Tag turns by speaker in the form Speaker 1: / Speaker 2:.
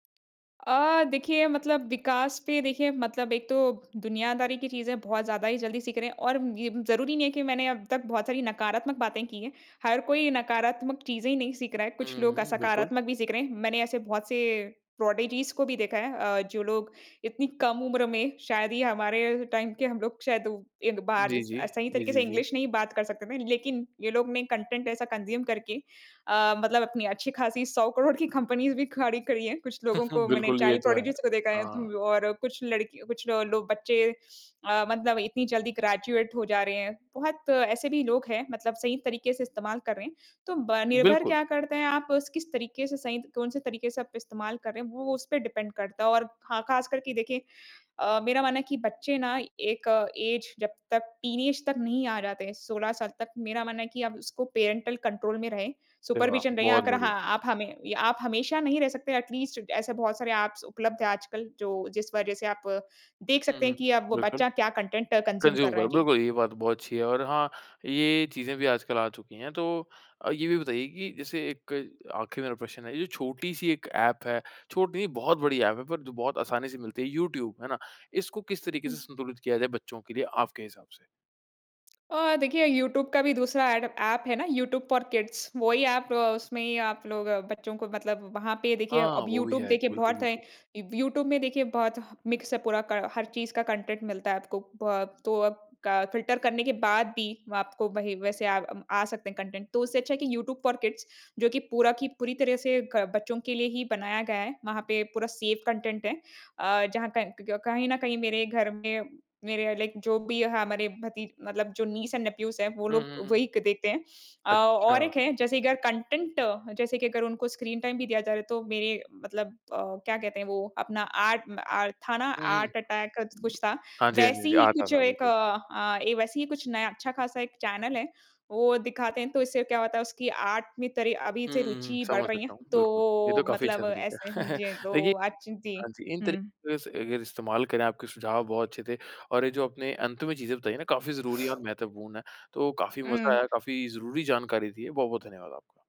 Speaker 1: अ, देखिए मतलब विकास पे देखिए मतलब एक तो दुनियादारी की चीज़ें बहुत ज़्यादा ही जल्दी सीख रहे हैं और ये ज़रूरी नहीं है कि मैंने अब तक बहुत सारी नकारात्मक बातें की हैं। हर कोई नकारात्मक चीज़ें ही नहीं सीख रहा है,
Speaker 2: हुँ,
Speaker 1: कुछ लोग
Speaker 2: हुँ। बिल्कुल।
Speaker 1: सकारात्मक भी सीख रहे हैं। मैंने ऐसे बहुत से प्रोडिजीज़ को भी देखा है अ, जो लोग इतनी कम उम्र में शायद ही हमारे टाइम के हम लोग शायद उ एक बार
Speaker 2: जी,
Speaker 1: स
Speaker 2: जी।
Speaker 1: अ, सही
Speaker 2: जी,
Speaker 1: तरीके
Speaker 2: जी,
Speaker 1: से
Speaker 2: जी।
Speaker 1: इंग्लिश नहीं बात कर सकते थे ना लेकिन ये लोग ने कंटेंट ऐसा कंज़्यूम करके अ, मतलब अपनी अच्छी-खासी 100 करोड़ की कंपनीज़ भी खड़ी करी है। कुछ
Speaker 2: हुँ,
Speaker 1: लोगों
Speaker 2: हुँ।
Speaker 1: को, मैंने
Speaker 2: बिल्कुल ये
Speaker 1: चाइल्ड
Speaker 2: तो है।
Speaker 1: प्रोडिजीज़ को देखा है।
Speaker 2: हाँ।
Speaker 1: तो और कुछ लड़की, कुछ ल लो बच्चे अ, मतलब इतनी जल्दी ग्रेजुएट हो जा रहे हैं। बहुत ऐसे भी लोग हैं मतलब सही तरीके से इस्तेमाल कर रहे हैं। तो ब निर्भर
Speaker 2: बिल्कुल।
Speaker 1: क्या करते हैं आप उस किस तरीके से सही कौन-से तरीके से आप इस्तेमाल कर रहे हैं वो उसपे डिपेंड करता है। और ख़ा ख़ास कर के देखिए अ, मेरा मानना है कि बच्चे ना एक ऐज जब तक टीनेज तक नहीं आ जाते हैं 16 साल तक, मेरा मानना है कि अब उसको पैरेंटल कंट्रोल में रहें
Speaker 2: अरे वाह!
Speaker 1: सुपरविज़न रहे।
Speaker 2: बहुत
Speaker 1: अगर
Speaker 2: बढ़िया।
Speaker 1: हाँ, आप हमें आप हमेशा नहीं रह सकते एटलीस्ट ऐसे बहुत सारे एप्स उपलब्ध हैं आजकल जो जिस वज़ह से आप देख
Speaker 2: हुँ,
Speaker 1: सकते हैं
Speaker 2: हुँ।
Speaker 1: कि अब वो
Speaker 2: बिल्कुल।
Speaker 1: बच्चा क्या कंटेंट कंज्यूम कर
Speaker 2: कंज़्यूम
Speaker 1: रहा है।
Speaker 2: करो,
Speaker 1: जी।
Speaker 2: बिल्कुल ये बात बहुत अच्छी है। और हाँ, ये चीज़ें भी आजकल आ चुकी हैं। तो ये भी बताइए कि जैसे 1 आखिरी मेरा प्रश्न है, जो छोटी-सी एक एप है, छोटी नहीं बहुत बड़ी एप है, पर बहुत आसानी से मिलती है। यूट्यूब, है ना। इसको किस तरीके से
Speaker 1: हुँ।
Speaker 2: संतुलित किया जाए बच्चों के लिए आपके हिसाब से?
Speaker 1: अ, देखिए यूट्यूब का भी दूसरा एडप ऐप है ना यूट्यूब फ़ॉर किड्स। वही एप अ, उसमें ही आप लोग बच्चों को मतलब वहाँ पे देखिए
Speaker 2: हाँ,
Speaker 1: अब
Speaker 2: वो भी
Speaker 1: यूट्यूब
Speaker 2: है एक।
Speaker 1: देखिए
Speaker 2: बिल्कुल,
Speaker 1: बहुत है।
Speaker 2: बिल्कुल।
Speaker 1: यूट्यूब में देखिए बहुत ह मिक्सअप पूरा क हर चीज़ का कंटेंट मिलता है आपको। ब तो अब क फिल्टर करने के बाद भी आपको वही वैसे अ, आ सकते हैं कंटेंट। तो उससे अच्छा है कि यूट्यूब फ़ॉर किड्स जो कि पूरा की पूरी तरह से क बच्चों के लिए ही बनाया गया है। वहाँ पे पूरा सेफ़ कंटेंट है। अ, जहाँ क क्क कहीं न कहीं मेरे घर में मेरे या लाइक जो भी हमारे भती मतलब जो नीस एंड नेफ्यूज़ हैं वो
Speaker 2: हुँ,
Speaker 1: लोग
Speaker 2: हुँ, हुँ।
Speaker 1: वही क देखते हैं। अ, और
Speaker 2: अच्छा।
Speaker 1: एक है जैसे अगर कंटेंट जैसे की अगर उनको स्क्रीन टाइम भी दिया जा रहा है तो मेरे मतलब अ, क्या कहते हैं वो अपना आर्ट अ, था ना
Speaker 2: हुँ, हुँ।
Speaker 1: आर्ट अटैक क कुछ था
Speaker 2: हाँ जी, हाँ जी।
Speaker 1: वैसे
Speaker 2: जी
Speaker 1: ही
Speaker 2: आता
Speaker 1: कुछ
Speaker 2: था,
Speaker 1: एक
Speaker 2: बिल्कुल।
Speaker 1: अ, वैसे ही कुछ नया अच्छा-ख़ासा एक चैनल है वो दिखाते हैं। तो इससे क्या होता है उसकी आर्ट में तरी अभी
Speaker 2: हुँ,
Speaker 1: से
Speaker 2: हुँ, हुँ।
Speaker 1: रूचि बढ़
Speaker 2: समझ
Speaker 1: रही है।
Speaker 2: सकता हूँ, बिल्कुल। ये तो
Speaker 1: तो
Speaker 2: काफ़ी अच्छा
Speaker 1: मतलब
Speaker 2: तरीका है।
Speaker 1: ऐसे जी
Speaker 2: देखिए
Speaker 1: तो अच जी।
Speaker 2: हाँ जी, इन
Speaker 1: हुँ।
Speaker 2: तरीके से अगर इस्तेमाल करें आपके सुझाव बहुत अच्छे थे। और ये जो आपने अंत में चीज़ें बताई है ना काफ़ी ज़रूरी और महत्वपूर्ण है। तो काफ़ी मज़ा
Speaker 1: उ।
Speaker 2: आया, काफ़ी ज़रूरी जानकारी दी है। बहुत-बहुत धन्यवाद आपका।